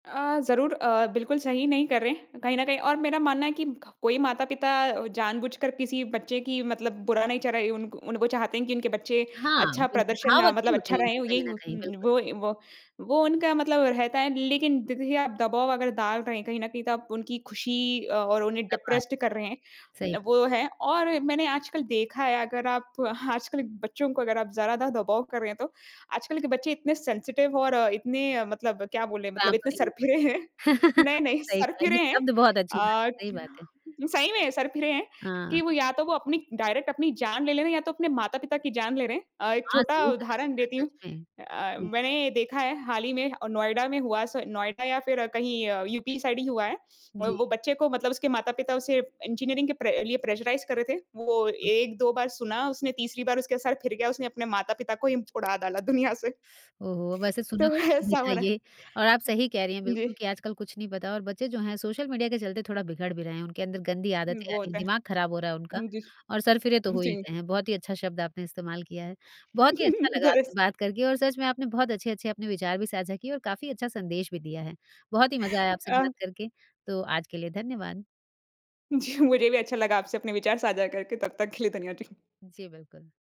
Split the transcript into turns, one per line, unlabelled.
अ, ज़रूर अ, बिल्कुल सही नहीं कर रहे हैं कहीं न कहीं और मेरा मानना है कि क कोई माता-पिता जानबूझकर किसी बच्चे की मतलब बुरा नहीं चाह रही उनको उन वो चाहते हैं कि उनके बच्चे
हाँ,
अच्छा
बिल्कुल
प्रदर्शन
भाव
अ, मतलब
अच्छे होते
अच्छा
हैं
रहे।
उनके
ओ
कहीं
यही
न
हो
कहीं बिल्कुल।
वो ए, वो, वो उनका मतलब रहता है लेकिन दे देखिए आप दबाव अगर डाल रहे हैं कहीं न कहीं तो आप उनकी खुशी अ और उन्हें
क्या बात!
डिप्रेस्ड कर रहे हैं।
सही ब
वो है और मैंने आजकल देखा है अगर आप आजकल बच्चों को अगर आप ज़रा दा दबाव कर रहे हैं तो। आजकल के बच्चे इतने सेंसिटिव और इतने अ, मतलब क्या बोले मतलब इतने
पैंपरिंग ऊपर
सरफिरे हैं, नहीं-नहीं
सही कहा
सरफिरे
ये
हैं।
शब्द बहुत अच्छी बात
अ,
है, सही बात है।
सही में सरफ़िरे हैं कि
हाँ।
वो या तो वो अपनी डायरेक्ट अपनी जान ले ले रहे हैं या तो अपने माता-पिता की जान ले रहे हैं। अ, एक
हाँ,
छोटा
सही कहा
उदाहरण
यार
देती हूँ।
सच में।
अ अ,
जी।
मैंने देखा है हाल ही में नोएडा में हुआ स नोएडा या फिर कहीं अ, यूपी साइड ही हुआ है। अ,
जी।
वो बच्चे को मतलब उसके माता-पिता उसे इंजीनियरिंग के प्रे लिए प्रेशराइज़ कर रहे थे, वो 1-2 बार सुना उसने तीसरी बार उसके सर फिर गया उसने अपने माता-पिता को ही उड़ा डाला दुनिया से।
ओहो! वैसे सुना
तो
तो मैंने भी
ऐसा हो
था
रहा है।
ये और आप सही कह रही हैं बिल्कुल
जी।
कि आजकल कुछ नहीं पता और बच्चे जो हैं सोशल मीडिया के चलते थोड़ा बिगड़ भी रहे हैं। उनके अंदर गंदी आदतें आ
वो
रही हैं,
होता
दिमाग खराब हो रहा है उनका
है। जी।
और सरफिरे तो हो ही
जी।
गए हैं बहुत ही अच्छा शब्द आपने इस्तेमाल किया है। बहुत ही अच्छा लगा
दैस
आपसे बात करके और सच में आपने बहुत अच्छे-अच्छे अपने विचार भी साझा किए और काफ़ी अच्छा संदेश भी दिया है। बहुत ही मज़ा आया आपसे
अ
बात करके तो आज के लिए धन्यवाद।
जी, मुझे भी अच्छा लगा आपसे अपने विचार साझा करके तब तक के लिए धन्यवाद। जी।
जी, बिल्कुल।